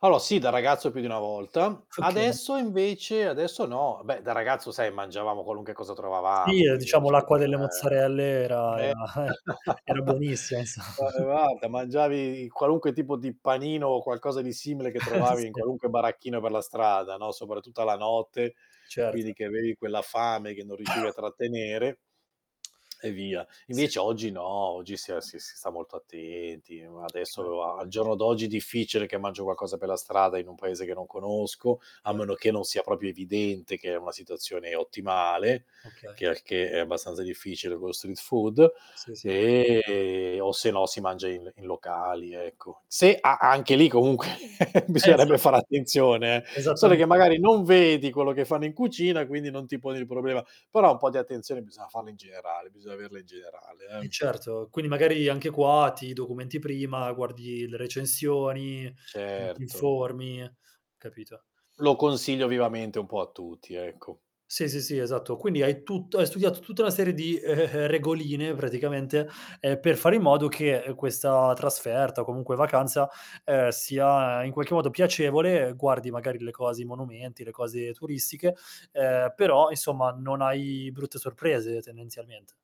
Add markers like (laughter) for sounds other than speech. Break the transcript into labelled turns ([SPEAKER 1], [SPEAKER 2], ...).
[SPEAKER 1] Allora, sì da ragazzo più di 1 volta,
[SPEAKER 2] Okay.
[SPEAKER 1] adesso invece adesso no. Beh, da ragazzo, sai, mangiavamo qualunque cosa
[SPEAKER 2] Sì,
[SPEAKER 1] trovavamo,
[SPEAKER 2] ehm,
[SPEAKER 1] quindi non
[SPEAKER 2] diciamo
[SPEAKER 1] si fe
[SPEAKER 2] l'acqua delle
[SPEAKER 1] eh.
[SPEAKER 2] mozzarelle era era
[SPEAKER 1] Me
[SPEAKER 2] eh! Era
[SPEAKER 1] (chuckles)
[SPEAKER 2] buonissima, insomma. (chuckles)
[SPEAKER 1] (unintelligible) mangiavi qualunque tipo di panino o qualcosa di simile che
[SPEAKER 2] (chuckles)
[SPEAKER 1] trovavi in
[SPEAKER 2] Sì.
[SPEAKER 1] qualunque baracchino per la strada, no, soprattutto alla notte, quindi
[SPEAKER 2] Certo.
[SPEAKER 1] che avevi quella fame che non riuscivi a trattenere
[SPEAKER 2] (clicks tongue)
[SPEAKER 1] e via.
[SPEAKER 2] Sì.
[SPEAKER 1] Invece oggi no, oggi si ha si si sta molto attenti. U
[SPEAKER 2] (clicks tongue) Okay.
[SPEAKER 1] adesso, a al giorno d'oggi è difficile che mangio qualcosa per la strada in un paese che non conosco, a
[SPEAKER 2] Okay.
[SPEAKER 1] meno che non sia proprio evidente che è una situazione ottimale,
[SPEAKER 2] Okay.
[SPEAKER 1] che al che è abbastanza difficile con lo street food,
[SPEAKER 2] Sì, sì.
[SPEAKER 1] e o se no si mangia il in locali, ecco. Se a anche lì comunque, (chuckles)
[SPEAKER 2] Esa
[SPEAKER 1] bisognerebbe fare attenzione, eh, sole
[SPEAKER 2] Esattame
[SPEAKER 1] che magari non vedi quello che fanno in cucina, quindi non ti poni il problema. Però, un po' di attenzione bisogna farla in generale, bisogna averla in generale,
[SPEAKER 2] Eh,
[SPEAKER 1] eh.
[SPEAKER 2] certo. Quindi, magari anche qua ti documenti prima, guardi le recensioni, ti ti
[SPEAKER 1] Certo.
[SPEAKER 2] informi, capito.
[SPEAKER 1] Lo consiglio vivamente un po' a tutti, ecco.
[SPEAKER 2] Sì, sì, sì, esatto. Quindi hai tutto hai studiato tutta una serie di, ehm, ehm, ehm, regoline praticamente, ehm, per fare in modo che, ehm, questa trasferta o comunque vacanza, ehm, sia in qualche modo piacevole, uhm, guardi magari le cose i monumenti, le cose turistiche, ehm, però insomma non hai brutte sorprese tendenzialmente.